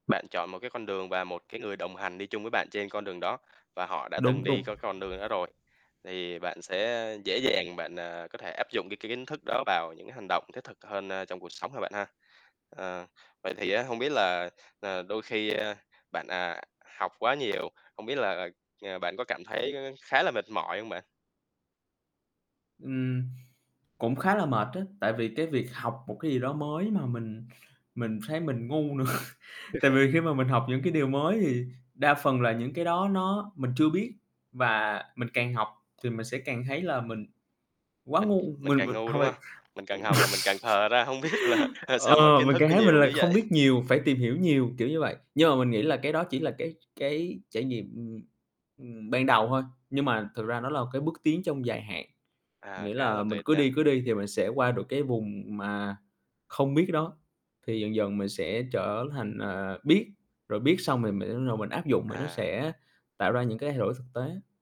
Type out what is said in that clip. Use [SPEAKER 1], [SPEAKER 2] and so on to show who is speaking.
[SPEAKER 1] Bạn chọn một, cái, con đường và một cái người đồng hành đi chung với bạn trên con đường đó, và họ đã từng
[SPEAKER 2] Đúng,
[SPEAKER 1] đi
[SPEAKER 2] đúng.
[SPEAKER 1] có con đường đó rồi, thì bạn sẽ dễ dàng bạn, à, có thể áp dụng cái kiến thức đó vào những cái hành động thiết thực hơn, a, trong cuộc sống ha bạn ha. Ờ, vậy thì, á, hông biết là, ờ, đôi khi, a, bạn, à, học quá nhiều, hông biết là, ờ, ờ, bạn có cảm thấy, ơ, khá là mệt mỏi hông bạn?
[SPEAKER 2] Ừm, cũng khá là mệt á, tại vì cái việc học một cái gì đó mới mà mình mình thấy mình ngu nữa. Tại vì khi mà mình học những cái điều mới thì đa phần là những cái đó nó mình chưa biết, và mình càng học thì mình sẽ càng thấy là mình quá
[SPEAKER 1] Mình
[SPEAKER 2] ngu.
[SPEAKER 1] mình
[SPEAKER 2] Mình
[SPEAKER 1] càng
[SPEAKER 2] mình
[SPEAKER 1] ngu,
[SPEAKER 2] hổng
[SPEAKER 1] đúng
[SPEAKER 2] phải
[SPEAKER 1] hông? Mình
[SPEAKER 2] ừm,
[SPEAKER 1] càng học là mình càng khờ ra, hông biết là, ờ, sao mà
[SPEAKER 2] ờ,
[SPEAKER 1] kiến
[SPEAKER 2] mình
[SPEAKER 1] thức
[SPEAKER 2] càng
[SPEAKER 1] nó
[SPEAKER 2] thấy mình
[SPEAKER 1] nhiều
[SPEAKER 2] là
[SPEAKER 1] dữ
[SPEAKER 2] không
[SPEAKER 1] vậy?
[SPEAKER 2] biết nhiều, phải tìm hiểu nhiều, kiểu như vậy. Nhưng mà mình nghĩ là cái đó chỉ là cái cái trải nghiệm, ừm, ừm, ban đầu thôi, nhưng mà thực ra nó là cái bước tiến trong dài hạn.
[SPEAKER 1] À,
[SPEAKER 2] Nghĩa
[SPEAKER 1] khá
[SPEAKER 2] là
[SPEAKER 1] là
[SPEAKER 2] mình
[SPEAKER 1] tuyệt
[SPEAKER 2] cứ đi,
[SPEAKER 1] nha.
[SPEAKER 2] cứ đi thì mình sẽ qua được cái vùng mà không biết đó. Thì dần dần mình sẽ trở thành, à, biết, rồi biết xong thì mình mới bắt đầu mình áp dụng mà nó
[SPEAKER 1] À.
[SPEAKER 2] sẽ tạo ra những cái thay đổi thực tế.